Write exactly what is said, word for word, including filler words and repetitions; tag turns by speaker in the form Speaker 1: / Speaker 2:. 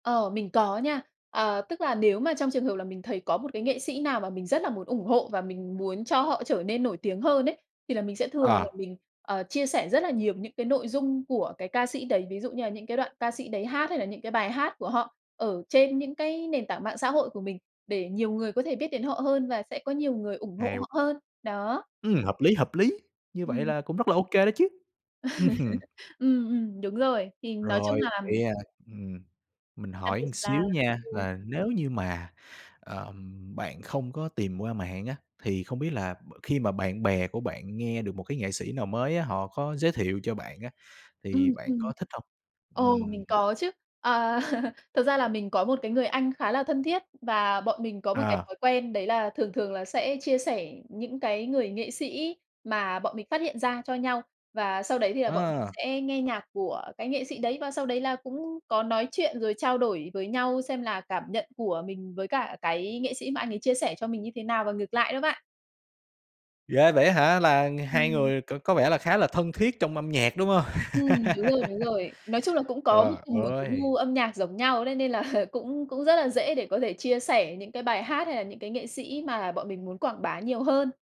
Speaker 1: Ờ, mình có nha. À, tức là nếu mà trong trường hợp là mình thấy có một cái nghệ sĩ nào mà mình rất là muốn ủng hộ và mình muốn cho họ trở nên nổi tiếng hơn ấy, thì là mình sẽ thường là
Speaker 2: À.
Speaker 1: mình, ờ, chia sẻ rất là nhiều những cái nội dung của cái ca sĩ đấy. Ví dụ như là những cái đoạn ca sĩ đấy hát, hay là những cái bài hát của họ ở trên những cái nền tảng mạng xã hội của mình để nhiều người có thể biết đến họ hơn và sẽ có nhiều người ủng hộ
Speaker 2: Hay
Speaker 1: họ hơn, đó.
Speaker 2: Ừm, hợp lý, hợp lý, như vậy
Speaker 1: Ừm.
Speaker 2: là cũng rất là ô kê đó chứ. Ừm hưm.
Speaker 1: Ừm, ừm, đúng rồi. Thì nói chung
Speaker 2: Rồi,
Speaker 1: là
Speaker 2: vậy, à, ừm, mình
Speaker 1: Đặc
Speaker 2: hỏi
Speaker 1: biệt
Speaker 2: ừn
Speaker 1: s là
Speaker 2: xíu nha,
Speaker 1: ừm.
Speaker 2: là nếu như mà, ờm, bạn không có tìm qua mạng á, thì không biết là b khi mà bạn bè của bạn nghe được một cái nghệ sĩ nào mới á, họ có giới thiệu cho bạn á, thì
Speaker 1: Ừm,
Speaker 2: bạn
Speaker 1: ừm.
Speaker 2: có thích hông?
Speaker 1: Ồ,
Speaker 2: Ừm.
Speaker 1: mình có chứ. Ờ, thực ra là mình có một cái người anh khá là thân thiết và bọn mình có một cái
Speaker 2: À.
Speaker 1: thói quen đấy là thường thường là sẽ chia sẻ những cái người nghệ sĩ mà bọn mình phát hiện ra cho nhau. Và sau đấy thì là bọn mình
Speaker 2: Ờ.
Speaker 1: sẽ nghe nhạc của cái nghệ sĩ đấy, và sau đấy là cũng có nói chuyện rồi trao đổi với nhau xem là cảm nhận của mình với cả cái nghệ sĩ mà anh ấy chia sẻ cho mình như thế nào và ngược lại đó bạn.
Speaker 2: Ghê vậy á hả, là hai
Speaker 1: Ừm.
Speaker 2: người c có vẻ là khá là thân thiết trong âm nhạc, đúng hông?
Speaker 1: Ừm, đúng rồi, đúng rồi. Nói chung là cũng có
Speaker 2: Trời
Speaker 1: như cùng một cái
Speaker 2: ơi!
Speaker 1: gu âm nhạc giống nhau đấy, nên là cũng cũng rất là dễ để có thể chia sẻ những cái bài hát hay là những cái nghệ sĩ mà bọn mình muốn quảng bá nhiều hơn.